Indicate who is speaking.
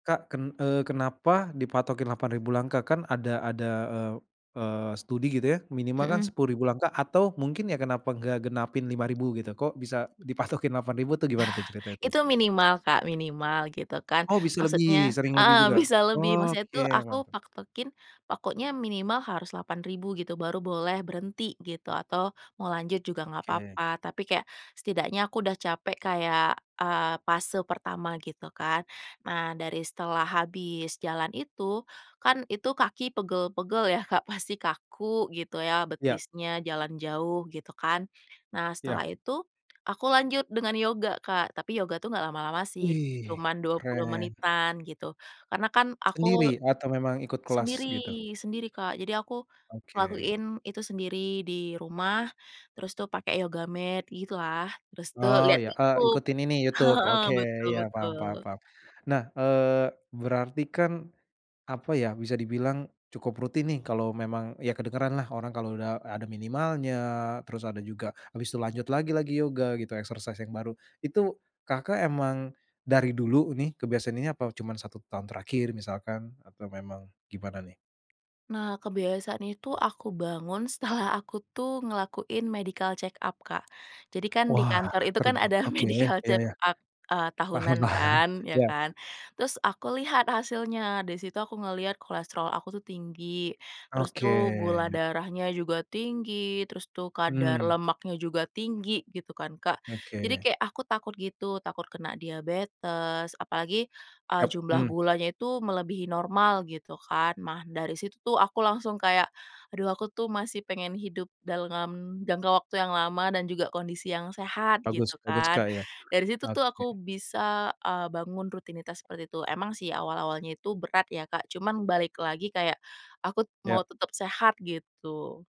Speaker 1: Kak ken eee, kenapa dipatokin 8.000 langkah? Kan ada, ada eee eee, studi gitu ya minimal kan
Speaker 2: Mhm.
Speaker 1: 10.000 langkah atau mungkin ya kenapa nggak genapin 5.000 gitu. Kok bisa dipatokin 8.000 tuh gimana tuh cerita itu?
Speaker 2: Itu minimal Kak, minimal gitu kan,
Speaker 1: Oh, bisa
Speaker 2: maksudnya
Speaker 1: lebih, sering lebih
Speaker 2: heeh,
Speaker 1: juga.
Speaker 2: bisa lebih,
Speaker 1: Oh
Speaker 2: maksudnya
Speaker 1: oke,
Speaker 2: tuh aku
Speaker 1: mantap.
Speaker 2: patokin pokoknya minimal harus 8.000 gitu baru boleh berhenti gitu atau mau lanjut juga nggak
Speaker 1: Oke.
Speaker 2: apa-apa, tapi kayak setidaknya aku udah capek kayak, eee, fase pertama gitu kan. Nah dari setelah habis jalan itu, kan itu kaki pegel-pegel ya Kak, pasti kaku gitu ya
Speaker 1: Iya.
Speaker 2: betisnya jalan jauh gitu kan, nah
Speaker 1: Iya.
Speaker 2: setelah itu aku lanjut dengan yoga Kak, tapi yoga tuh nggak lama-lama sih,
Speaker 1: Wih
Speaker 2: cuman 20
Speaker 1: keren!
Speaker 2: menitan gitu, karena kan aku
Speaker 1: Sendiri atau memang ikut kelas,
Speaker 2: sendiri,
Speaker 1: gitu?
Speaker 2: sendiri Kak. Jadi aku
Speaker 1: Oke.
Speaker 2: ngelakuin itu sendiri di rumah terus tuh pakai yoga mat gitu lah, terus tuh
Speaker 1: Oh
Speaker 2: lihat
Speaker 1: iya eee,
Speaker 2: YouTube,
Speaker 1: ikutin ini YouTube,
Speaker 2: heeh,
Speaker 1: oke
Speaker 2: betul
Speaker 1: iya paham
Speaker 2: betul.
Speaker 1: paham paham. Nah, eee, berarti kan apa ya, bisa dibilang cukup rutin nih kalo memang, iya kedengeran lah orang kalo udah ada minimalnya, terus ada juga abis itu lanjut lagi-lagi yoga gitu, exercise yang baru. Itu Kakak emang dari dulu ini kebiasan ini, apa cuman 1 tahun terakhir misalkan atau memang gimana nih?
Speaker 2: Nah kebiasaan itu aku bangun setelah aku tuh ngelakuin medical check up Kak, jadi kan di
Speaker 1: Wah
Speaker 2: kantor itu kan
Speaker 1: terba
Speaker 2: ada
Speaker 1: oke,
Speaker 2: medical
Speaker 1: iya
Speaker 2: check
Speaker 1: iya.
Speaker 2: up, eee,
Speaker 1: Paham,
Speaker 2: tahunan kan, ya
Speaker 1: ya.
Speaker 2: kan? Terus aku lihat hasilnya, di situ aku ngeliat kolesterol aku tuh tinggi, terus
Speaker 1: Oke,
Speaker 2: tuh gula
Speaker 1: ya.
Speaker 2: darahnya juga tinggi, terus tuh kadar
Speaker 1: Mmm.
Speaker 2: lemaknya juga tinggi gitu kan Kak, jadi
Speaker 1: Oke.
Speaker 2: kayak aku takut gitu, takut kena diabetes apalagi, eee,
Speaker 1: Yap,
Speaker 2: jumlah
Speaker 1: hmm.
Speaker 2: gulanya itu melebihi normal gitu kan. Nah, dari situ tuh aku langsung kayak aduh aku tuh masih pengen hidup dalam jangka waktu yang lama dan juga kondisi yang sehat,
Speaker 1: Bagus
Speaker 2: gitu
Speaker 1: bagus
Speaker 2: kan,
Speaker 1: Kak, iya,
Speaker 2: dari situ tuh
Speaker 1: oke.
Speaker 2: aku bisa, eee, bangun rutinitas seperti itu, emang sih awal-awalnya itu berat ya Kak, cuman balik lagi kayak aku mau
Speaker 1: Iya.
Speaker 2: tetep sehat gitu.